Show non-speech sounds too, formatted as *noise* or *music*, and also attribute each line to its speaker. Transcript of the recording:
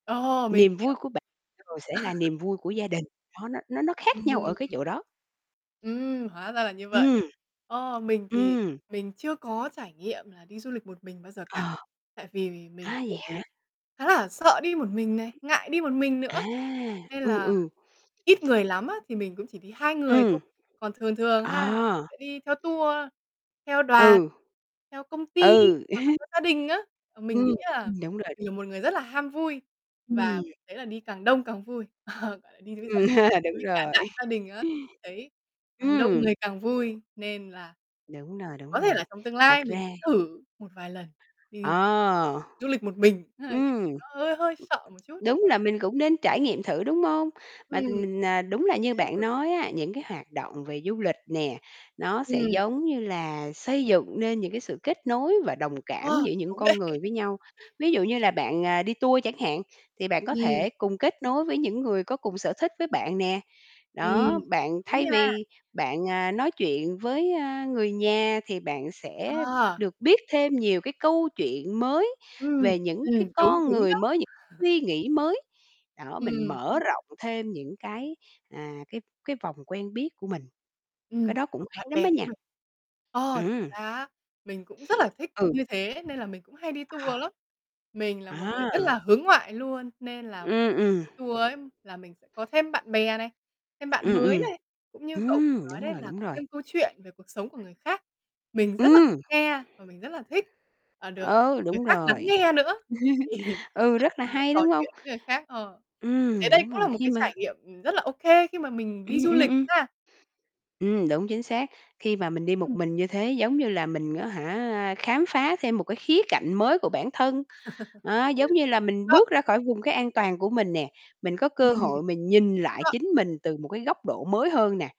Speaker 1: Ờ, mình
Speaker 2: Niềm
Speaker 1: hiểu.
Speaker 2: vui của bạ rồi sẽ là
Speaker 1: *laughs*
Speaker 2: niềm vui của gia đình. Nó nó nó nó khác nhau ở cái
Speaker 1: Ừm.
Speaker 2: chỗ đó.
Speaker 1: Ừm, hóa ra là như vậy.
Speaker 2: Ừm.
Speaker 1: Ờ, mình thì
Speaker 2: Ừm.
Speaker 1: mình chưa có trải nghiệm là đi du lịch một mình bao giờ cả.
Speaker 2: Ờ.
Speaker 1: Tại vì mình
Speaker 2: A, vậy
Speaker 1: cũng
Speaker 2: hả?
Speaker 1: khá là sợ đi một mình này, ngại đi một mình
Speaker 2: À,
Speaker 1: nữa. Nên
Speaker 2: ừ,
Speaker 1: là
Speaker 2: ừ.
Speaker 1: ít người lắm á thì mình cũng chỉ đi 2 người
Speaker 2: Ừm.
Speaker 1: thôi. Còn thường thường ha là mình
Speaker 2: À!
Speaker 1: sẽ đi theo tour, theo đoàn,
Speaker 2: Ừ.
Speaker 1: theo công ty
Speaker 2: Ừ.
Speaker 1: hoặc là
Speaker 2: *chuckles*
Speaker 1: theo gia đình á. Ờ, mình
Speaker 2: Ừm,
Speaker 1: nghĩ là
Speaker 2: ừm, đúng rồi.
Speaker 1: mình là một người rất là ham vui và
Speaker 2: Ừm.
Speaker 1: mình thấy là đi càng đông càng vui. Ờ, gọi là, đi với gia
Speaker 2: Ừm,
Speaker 1: đình,
Speaker 2: *chuckles* đúng
Speaker 1: với cả
Speaker 2: rồi.
Speaker 1: đại gia đình á thì mình thấy
Speaker 2: *chuckles*
Speaker 1: càng đông
Speaker 2: Ừm.
Speaker 1: người càng vui. Nên là
Speaker 2: Đúng rồi, đúng
Speaker 1: có thể
Speaker 2: rồi,
Speaker 1: là trong tương
Speaker 2: thật
Speaker 1: lai mình
Speaker 2: ra
Speaker 1: thử một vài lần đi
Speaker 2: À!
Speaker 1: du lịch một mình, ơ, nhưng
Speaker 2: Ừm.
Speaker 1: nó hơi hơi sợ một chút.
Speaker 2: Đúng là mình cũng nên trải nghiệm thử, đúng hông?
Speaker 1: Ừm.
Speaker 2: Mà t mình, ờ,
Speaker 1: Dù
Speaker 2: đúng
Speaker 1: gì
Speaker 2: là
Speaker 1: cũng
Speaker 2: như
Speaker 1: nên
Speaker 2: bạn
Speaker 1: thử.
Speaker 2: nói á, những cái hoạt động về du lịch nè, nó sẽ,
Speaker 1: Ừm.
Speaker 2: giống như là, xây dựng nên những cái sự kết nối và đồng cảm
Speaker 1: Ờ,
Speaker 2: giữa những
Speaker 1: đúng đấy.
Speaker 2: con người với nhau. Ví dụ như là bạn, ờ, đi tour chẳng hạn thì bạn có
Speaker 1: Ừm.
Speaker 2: thể cùng kết nối với những người có cùng sở thích với bạn nè.
Speaker 1: Ừm.
Speaker 2: Đó, bạn
Speaker 1: Đúng
Speaker 2: thay
Speaker 1: nha.
Speaker 2: vì bạn, à, nói chuyện với, a, người nhà thì bạn sẽ
Speaker 1: À!
Speaker 2: được biết thêm nhiều cái câu chuyện mới
Speaker 1: Ưm,
Speaker 2: về những cái
Speaker 1: ừm, đúng,
Speaker 2: con
Speaker 1: đúng
Speaker 2: người
Speaker 1: đó.
Speaker 2: mới, những
Speaker 1: *chuckles*
Speaker 2: suy nghĩ mới. Đó, mình
Speaker 1: Ừm.
Speaker 2: mở rộng thêm những cái, à, cái cái vòng quen biết của mình. Cái
Speaker 1: Ừm,
Speaker 2: đó cũng
Speaker 1: hoặc
Speaker 2: hay
Speaker 1: bạn
Speaker 2: lắm á
Speaker 1: bè của
Speaker 2: nha.
Speaker 1: mình. Ờ. Thực
Speaker 2: Ừm.
Speaker 1: ra á mình cũng rất là thích
Speaker 2: Ừ.
Speaker 1: như thế nên là mình cũng hay đi
Speaker 2: Ờ.
Speaker 1: tour lắm. Mình là một người
Speaker 2: À!
Speaker 1: rất là hướng ngoại luôn nên là *unintelligible*
Speaker 2: Ừm, ừm.
Speaker 1: đi tour ấy là mình sẽ có thêm bạn bè này, thêm bạn
Speaker 2: Ừm,
Speaker 1: mới
Speaker 2: ừm.
Speaker 1: này, cũng như cậu vừa
Speaker 2: Ừm,
Speaker 1: nói
Speaker 2: đúng
Speaker 1: đấy
Speaker 2: rồi,
Speaker 1: là
Speaker 2: đúng
Speaker 1: có
Speaker 2: rồi.
Speaker 1: thêm câu chuyện về cuộc sống của người khác. Mình rất là thích
Speaker 2: Ừm.
Speaker 1: nghe và mình rất là thích, à, được
Speaker 2: Ừ,
Speaker 1: người
Speaker 2: đúng
Speaker 1: khác lắng
Speaker 2: rồi.
Speaker 1: nghe nữa, thì mình
Speaker 2: *chuckles*
Speaker 1: rất
Speaker 2: Ừ,
Speaker 1: là
Speaker 2: rất
Speaker 1: thích
Speaker 2: là
Speaker 1: nói
Speaker 2: hay,
Speaker 1: trò
Speaker 2: đúng hông?
Speaker 1: chuyện với người khác, ờ. Mình
Speaker 2: Ừm,
Speaker 1: thấy đây
Speaker 2: đúng
Speaker 1: cũng
Speaker 2: rồi,
Speaker 1: là một
Speaker 2: khi
Speaker 1: cái
Speaker 2: mà
Speaker 1: trải nghiệm, ừm, rất là ô kê khi mà mình đi
Speaker 2: Ừm,
Speaker 1: du
Speaker 2: ừm,
Speaker 1: lịch
Speaker 2: ừm.
Speaker 1: ha!
Speaker 2: Ừm, đúng, chính xác. Khi mà mình đi một
Speaker 1: Ừm.
Speaker 2: mình như thế, giống như là, mình á hả, khám phá thêm một cái khía cạnh mới của bản thân.
Speaker 1: *chuckles*
Speaker 2: Đó, giống như là,
Speaker 1: Đúng
Speaker 2: mình
Speaker 1: đó.
Speaker 2: bước ra khỏi vùng cái an toàn của mình nè, mình có cơ
Speaker 1: Ừm.
Speaker 2: hội mình nhìn
Speaker 1: Đúng
Speaker 2: lại
Speaker 1: rồi.
Speaker 2: chính mình từ một cái góc độ mới hơn nè.